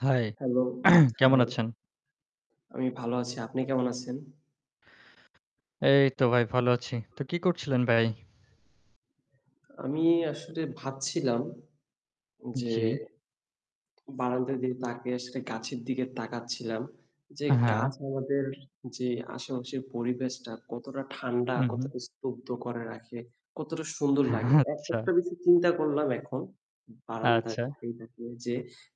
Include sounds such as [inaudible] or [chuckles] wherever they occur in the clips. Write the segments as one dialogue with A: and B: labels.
A: High.
B: Hello.
A: [clears throat] কেমন
B: high.
A: আছেন?
B: আমি ভালো আছি। আপনি কেমন আছেন?
A: এইতো ভাই ভালো আছি। তো কী করছিলেন ভাই?
B: আমি আসলে ভাবছিলাম। যে
A: জ্বী।
B: বারান্দা দিকে তাকিয়ে আসলে গাছের দিকে তাকাচ্ছিলাম যে গাছ
A: হ্যাঁ।
B: আমাদের যে আশেপাশের পরিবেশটা কতটা ঠান্ডা
A: হুম, হুম।
B: কতটা, স্তব্ধ করে রাখে, কতটা সুন্দর লাগে!
A: [chuckles]
B: একা
A: আচ্ছা।
B: একটা বিষয় চিন্তা করলাম এখন বারান্দায়
A: আচ্ছা।
B: তাকিয়ে, তাকিয়ে যে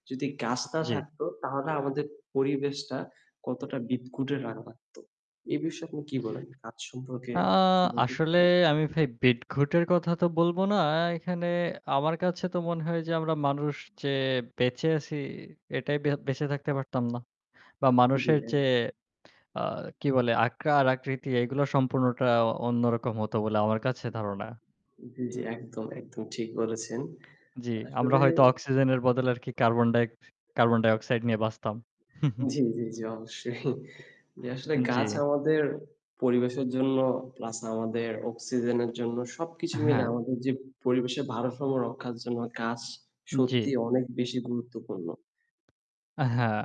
B: যদি গাছ না
A: জ্বী।
B: থাকতো তাহলে আমাদের পরিবেশটা কতটা বিদঘুটে রা লাগতো। এ বিষয়ে আপনি কি বলেন? গাছ সম্পর্কে
A: অ্যাঁ আসলে
B: [unintelligible]
A: আমি ভাই বিটঘুটের কথা তো বলব না। অ্যাঁ এখানে আমার কাছে তো মনে হয় যে, আমরা মানুষ যে বেঁচে আছি এটাই বে বেঁচে থাকতে পারতাম না বা
B: জ্বি,
A: মানুষের যে
B: হ্যাঁ।
A: অ্যাঁ কি বলে আকার আকৃতি এগুলো সম্পূর্ণটা অন্যরকম হতো বলে আমার কাছে ধারণা।
B: জ্বি, জ্বি। একদম, একদম। ঠিক বলেছেন।
A: জ্বি, আমরা
B: আসলে
A: হয়তো অক্সিজেনের বদলে আরকি কার্বন ডাই কার্বন ডাইঅক্সাইড নিয়ে বাঁচতাম। [scoffs]
B: জ্বি, জ্বি, জ্বি। [chuckles] অবশ্যই। জি, আসলে
A: জ্বি।
B: গাছ আমাদের পরিবেশের জন্য প্লাস আমাদের অক্সিজেনের জন্য সবকিছু মিলে
A: হ্যাঁ।
B: আমাদের যে পরিবেশের ভারসাম্য রক্ষার জন্য গাছ
A: জ্বি।
B: সত্যি অনেক বেশি গুরুত্বপূর্ণ।
A: হ্যাঁ।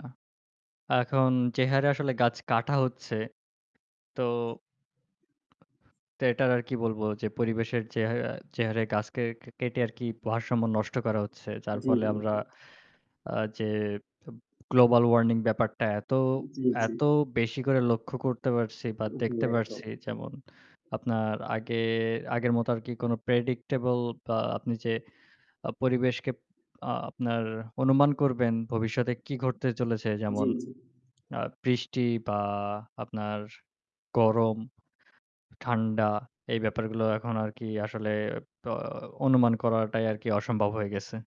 A: এখন যে হারে আসলে গাছ কাটা হচ্ছে। তো তো এটার আর কি বলবো যে পরিবেশের যে হাঁ যে হারে গাছ কে কেটে আরকি ভারসাম্য নষ্ট করা হচ্ছে। যার
B: জ্বি,
A: ফলে
B: জ্বি,
A: আমরা
B: জ্বি।
A: অ্যাঁ যে এব গ্লোবাল ওয়ার্নিং ব্যাপারটা এত,
B: জ্বী জ্বী।
A: এত বেশি করে লক্ষ্য করতে পারছি বা
B: জ্বী,
A: দেখতে
B: একদম।
A: পারছি যেমন আপনার আগে, আগের মতো আরকি কোন প্রেডিক্টেবল বা আপনি যে অ্যাঁ পরিবেশকে আপনার অনুমান করবেন ভবিষ্যতে কী ঘটতে চলেছে?
B: জ্বি,
A: যেমন
B: জি।
A: অ্যাঁ বৃষ্টি বা আপনার গরম, ঠান্ডা এই ব্যাপারগুলো এখন আরকি আসলে অ অনুমান করাটাই আরকি অসম্ভব হয়ে গেছে।